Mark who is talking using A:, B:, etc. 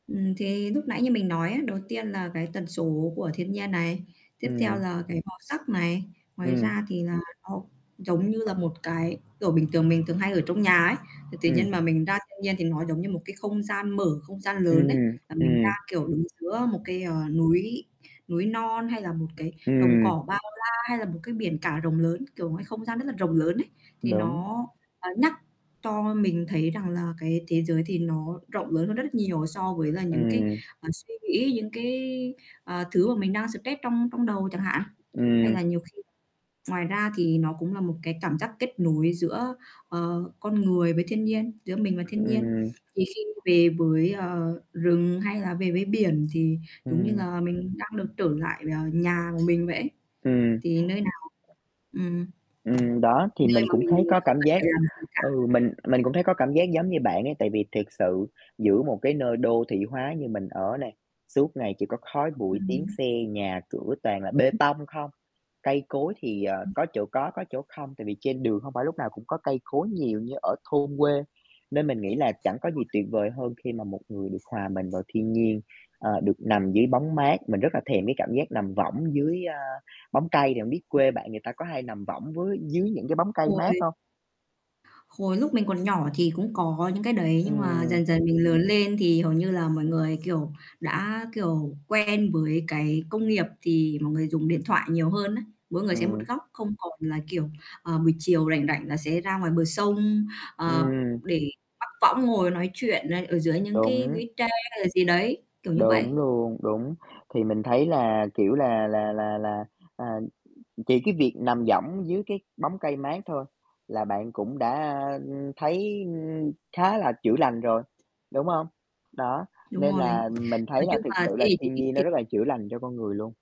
A: Ừm, thì lúc nãy như mình nói á, đầu tiên là cái tần số của thiên nhiên này, tiếp theo
B: Ừm.
A: là cái màu sắc này. Ngoài
B: Ừm.
A: ra thì là, ô, giống như là một cái kiểu, bình thường mình thường hay ở trong nhà ấy, thì tự nhiên
B: Ừm.
A: mà mình ra thiên nhiên thì nó giống như một cái không gian mở, không gian lớn ấy,
B: Ừm.
A: là mình ra,
B: Ừm.
A: kiểu, đứng giữa một cái, ờ, núi núi non hay là một cái đồng
B: Ừm.
A: cỏ bao la hay là một cái biển cả rộng lớn, kiểu, ngoài không gian rất là rộng lớn ấy, thì
B: Đúng.
A: nó, ờ, nhắc cho mình thấy rằng là cái thế giới thì nó rộng lớn hơn rất rất nhiều so với là những cái,
B: Ừm.
A: ờ, suy nghĩ, những cái, à, thứ mà mình đang stress trong trong đầu chẳng hạn. Hay
B: Ừm.
A: là nhiều khi ngoài ra thì nó cũng là một cái cảm giác kết nối giữa, ờ, con người với thiên nhiên, giữa mình với thiên nhiên.
B: Ừm.
A: Thì khi về với, ờ, rừng hay là về với biển thì giống như
B: Ừm.
A: là mình đang được trở lại, ờ, nhà của mình vậy ấy.
B: Ừm.
A: Thì nơi nào ừm.
B: Ừm, đó, thì
A: Nơi
B: mình
A: mà
B: cũng
A: mình
B: thấy có
A: không
B: cảm
A: cần
B: giác
A: phải làm gì cả.
B: ừ, mình mình cũng thấy có cảm giác giống như bạn ấy tại vì thiệt sự giữa một cái nơi đô thị hóa như mình ở này, suốt ngày chỉ có khói bụi, tiếng
A: Ừm.
B: xe, nhà cửa toàn là bê tông không. Cây cối thì, ờ, có chỗ có, có chỗ không tại vì trên đường hông phải lúc nào cũng có cây cối nhiều như ở thôn quê. Nên mình nghĩ là chẳng có gì tuyệt vời hơn khi mà một người được hòa mình vào thiên nhiên, ờ, được nằm dưới bóng mát. Mình rất là thèm cái cảm giác nằm võng dưới, a, bóng cây. Thì hông biết quê
A: À.
B: bạn người ta có hay nằm võng với dưới những cái bóng cây mát
A: Uầy.
B: hông?
A: Hồi lúc mình còn nhỏ thì cũng có những cái đấy nhưng mà
B: Ừm.
A: dần dần mình lớn lên thì hầu như là mọi người, kiểu, đã, kiểu, quen với cái công nghiệp thì mọi người dùng điện thoại nhiều hơn á, mỗi người sẽ một
B: Ừm.
A: góc không còn là, kiểu, ờ, buổi chiều rảnh rảnh là sẽ ra ngoài bờ sông, ờ,
B: Ừm.
A: để mắc võng ngồi nói chuyện này, ở dưới những cái
B: Đúng.
A: lũy tre hay là gì đấy, kiểu như vậy.
B: Đúng luôn, đúng. Thì mình thấy là, kiểu là là là là, chỉ cái việc nằm võng dưới cái bóng cây mát thôi là bạn cũng đã, a, ừm, thấy khá là chữa lành rồi, đúng không? Đó,
A: Đúng
B: nên
A: rồi,
B: là mình thấy
A: nói
B: là
A: chung
B: thực
A: là
B: sự
A: thế
B: là
A: hệ chín
B: thiên
A: x
B: nhiên nó
A: thì
B: rất là chữa lành cho con người luôn.